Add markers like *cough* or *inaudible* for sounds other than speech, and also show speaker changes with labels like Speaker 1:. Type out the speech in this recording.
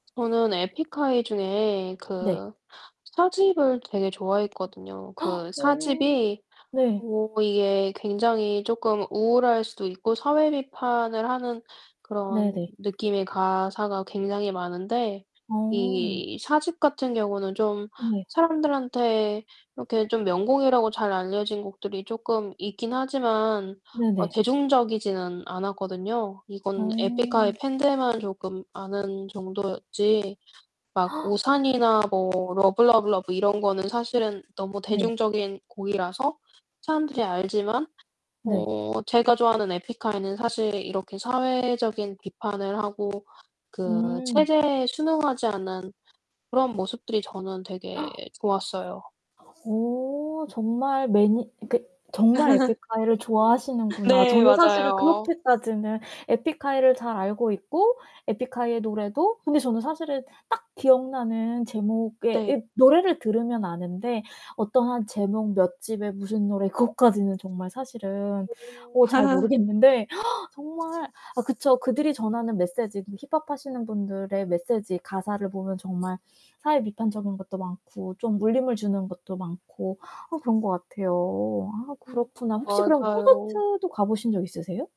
Speaker 1: 저는 에픽하이 중에
Speaker 2: 네.
Speaker 1: 그 4 집을 되게 좋아했거든요.
Speaker 2: *gasps*
Speaker 1: 그 4
Speaker 2: 어
Speaker 1: 집이
Speaker 2: 네.
Speaker 1: 뭐 이게 굉장히 쪼끔 우울할 수도 있고 사회 비판을 하는 그런
Speaker 2: 네네.
Speaker 1: 느낌의 가사가 굉장히 많은데
Speaker 2: 어.
Speaker 1: 이 4 집 같은 경우는 좀
Speaker 2: 네.
Speaker 1: 사람들한테 이렇게 좀 명곡이라고 잘 알려진 곡들이 쪼끔 있긴 하지만 어
Speaker 2: 네네.
Speaker 1: 대중적이지는 않았거든요. 이건 에픽하이
Speaker 2: 어.
Speaker 1: 팬들만 조금 아는 정도였지 막
Speaker 2: *gasps*
Speaker 1: 우산이나 뭐 러브 러브 러브 이런 거는 사실은 너무
Speaker 2: 네.
Speaker 1: 대중적인 곡이라서 사람들이 알지만
Speaker 2: 네.
Speaker 1: 어 제가 좋아하는 에픽하이는 사실 이렇게 사회적인 비판을 하고 그
Speaker 2: 음.
Speaker 1: 체제에 순응하지 않는 그런 모습들이 저는 되게
Speaker 2: *gasps*
Speaker 1: 좋았어요.
Speaker 2: 어. 정말 매니 그러니까 정말 에픽하이를
Speaker 1: *laughs*
Speaker 2: 좋아하시는구나.
Speaker 1: 네.
Speaker 2: 저는 사실은
Speaker 1: 맞아요.
Speaker 2: 그렇게까지는 에픽하이를 잘 알고 있고 에픽하이의 노래도 근데 저는 사실은 딱 기억나는 제목의
Speaker 1: 네.
Speaker 2: 이 노래를 들으면 아는데 어떠한 제목 몇 집에 무슨 노래 그것까지는 정말 사실은
Speaker 1: 오.
Speaker 2: 어 잘
Speaker 1: *laughs*
Speaker 2: 모르겠는데 *gasps* 정말 아 그쵸. 그들이 전하는 메시지 음 힙합하시는 분들의 메세지, 가사를 보면 정말 사회 비판적인 것도 많고 좀 울림을 주는 것도 많고 아 그런 것 같아요. 아
Speaker 1: 음.
Speaker 2: 그렇구나. 혹시 그럼
Speaker 1: 맞아요.
Speaker 2: 콘서트도 가 보신 적 있으세요?